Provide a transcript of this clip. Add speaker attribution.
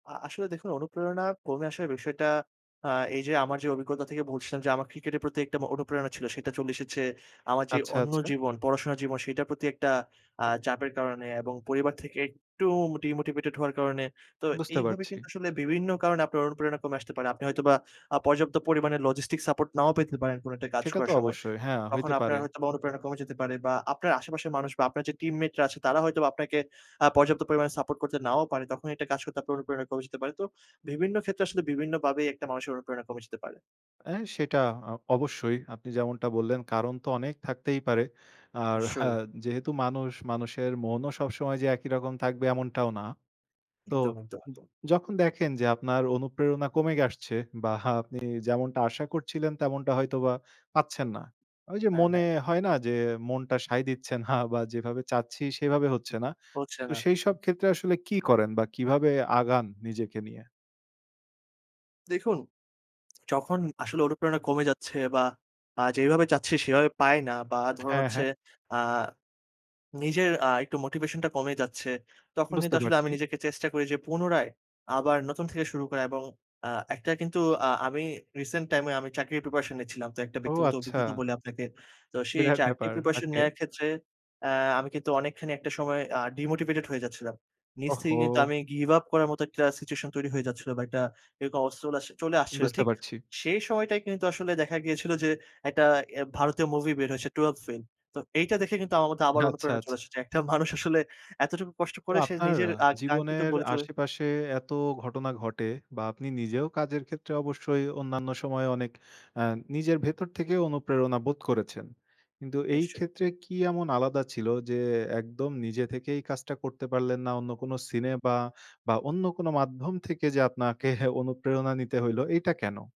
Speaker 1: আ আসলে দেখুন অনুপ্রেরণা কমে আসার বিষয়টা, আ এই যে আমার যে অভিজ্ঞতা থেকে বলছিলাম যে, আমার ক্রিকেটের প্রতি একটা মো অনুপ্রেরণা ছিল। সেটা চলে এসেছে আমার যে
Speaker 2: আচ্ছা,
Speaker 1: অন্য
Speaker 2: আচ্ছা।
Speaker 1: জীবন, পড়াশোনার জীবন, সেটার প্রতি একটা আ চাপের কারণে এবং পরিবার থেকে একটু মোটি মোটিভেটেড হওয়ার কারণে। তো
Speaker 2: বুঝতে
Speaker 1: এইভাবে
Speaker 2: পারছি।
Speaker 1: কিন্তু আসলে বিভিন্ন কারণে আপনার অনুপ্রেরণা কমে আসতে পারে। আপনি হয়তোবা আ পর্যাপ্ত পরিমাণে লজিস্টিক সাপোর্ট নাও পেতে পারেন, কোনো একটা কাজ
Speaker 2: সেটা
Speaker 1: করার
Speaker 2: তো
Speaker 1: সময়।
Speaker 2: অবশ্যই। হ্যাঁ,
Speaker 1: তখন
Speaker 2: হইতে
Speaker 1: আপনার
Speaker 2: পারে।
Speaker 1: হয়তোবা অনুপ্রেরণা কমে যেতে পারে বা আপনার আশেপাশের মানুষ বা আপনার যে টিমমেটরা আছে, তারা হয়তো আপনাকে আ পর্যাপ্ত পরিমাণে সাপোর্ট করতে নাও পারে। তখনই একটা কাজ করতে আপনার অনুপ্রেরণা কমে যেতে পারে। তো বিভিন্ন ক্ষেত্রে আসলে বিভিন্নভাবেই একটা মানুষের অনুপ্রেরণা কমে যেতে পারে।
Speaker 2: অ্যা সেটা আ অবশ্যই আপনি যেমনটা বললেন, কারণ তো অনেক থাকতেই পারে। আর হা
Speaker 1: নিশ্চয়ই।
Speaker 2: যেহেতু মানুষ, মানুষের মনও সবসময় যে একই রকম থাকবে, এমনটাও না। তো
Speaker 1: একদম, একদম,
Speaker 2: য
Speaker 1: একদম।
Speaker 2: যখন দেখেন যে আপনার অনুপ্রেরণা কমে আসছে বা আপনি যেমনটা আশা করছিলেন, তেমনটা হয়তোবা পাচ্ছেন না। ওই যে
Speaker 1: হ্যাঁ,
Speaker 2: মনে
Speaker 1: হ্যাঁ।
Speaker 2: হয় না? যে, মনটা সায় দিচ্ছে না বা যেভাবে চাচ্ছি সেভাবে হচ্ছে না।
Speaker 1: হচ্ছে
Speaker 2: তো
Speaker 1: না।
Speaker 2: সেইসব ক্ষেত্রে আসলে কি করেন বা কিভাবে আগান, নিজেকে নিয়ে?
Speaker 1: দেখুন, যখন আসলে অনুপ্রেরণা কমে যাচ্ছে বা আ যেভাবে চাচ্ছি, সেভাবে পাই না বা ধরুন
Speaker 2: হ্যাঁ,
Speaker 1: হচ্ছে
Speaker 2: হ্যাঁ।
Speaker 1: আ নিজের আ একটু মোটিভেশনটা কমে যাচ্ছে। তখন কিন্তু
Speaker 2: বুঝতে
Speaker 1: আসলে আমি
Speaker 2: পারছি।
Speaker 1: নিজেকে চেষ্টা করি যে, পুনরায় আবার নতুন থেকে শুরু করা এবং আ একটা কিন্তু আ আমি রিসেন্ট টাইমে আমি চাকরির প্রিপারেশন নিচ্ছিলাম। তো একটা
Speaker 2: ও!
Speaker 1: ব্যক্তিগত অভিজ্ঞতা
Speaker 2: আচ্ছা।
Speaker 1: বলি আপনাকে। তো সেই
Speaker 2: বিরাট
Speaker 1: চাকরির
Speaker 2: ব্যাপার।
Speaker 1: Preparation
Speaker 2: okay.
Speaker 1: নেওয়ার ক্ষেত্রে, এ্যা আমি কিন্তু অনেকখানি একটা সময় আ ডিমোটিভেটেড হয়ে যাচ্ছিলাম। নিজ থেকেই কিন্তু
Speaker 2: ওহো!
Speaker 1: আমি গিভ আপ করার মত একটা সিচুয়েশন তৈরি হয়ে যাচ্ছিল বা একটা এরকম অবস্থা চলে আস চলে আসছিল।
Speaker 2: বুঝতে
Speaker 1: ঠিক
Speaker 2: পারছি।
Speaker 1: সেই সময়টাই কিন্তু আসলে দেখা গিয়েছিল যে, একটা এ্যা ভারতীয় মুভি বের হয়েছে, "12th Fail" তো এইটা দেখে কিন্তু আমার মধ্যে আবার
Speaker 2: আচ্ছা,
Speaker 1: অনুপ্রেরণা চলে
Speaker 2: আচ্ছা।
Speaker 1: এসেছে। একটা মানুষ আসলে এতটুকু কষ্ট
Speaker 2: তো
Speaker 1: করে, সে
Speaker 2: আপনার
Speaker 1: নিজের আ আকাঙ্ক্ষিত
Speaker 2: জীবনের
Speaker 1: গোলে চলে
Speaker 2: আশেপাশে এত ঘটনা ঘটে বা আপনি নিজেও কাজের ক্ষেত্রে অবশ্যই অন্যান্য সময়ে, অনেক আ নিজের ভেতর থেকে অনুপ্রেরণা বোধ করেছেন। কিন্তু এই
Speaker 1: নিশ্চয়ই।
Speaker 2: ক্ষেত্রে কি এমন আলাদা ছিল? যে, একদম নিজে থেকেই কাজটা করতে পারলেন না। অন্য কোন সিনে বা, বা অন্য কোন মাধ্যম থেকে যে আপনাকে অনুপ্রেরণা নিতে হইলো। এইটা কেন?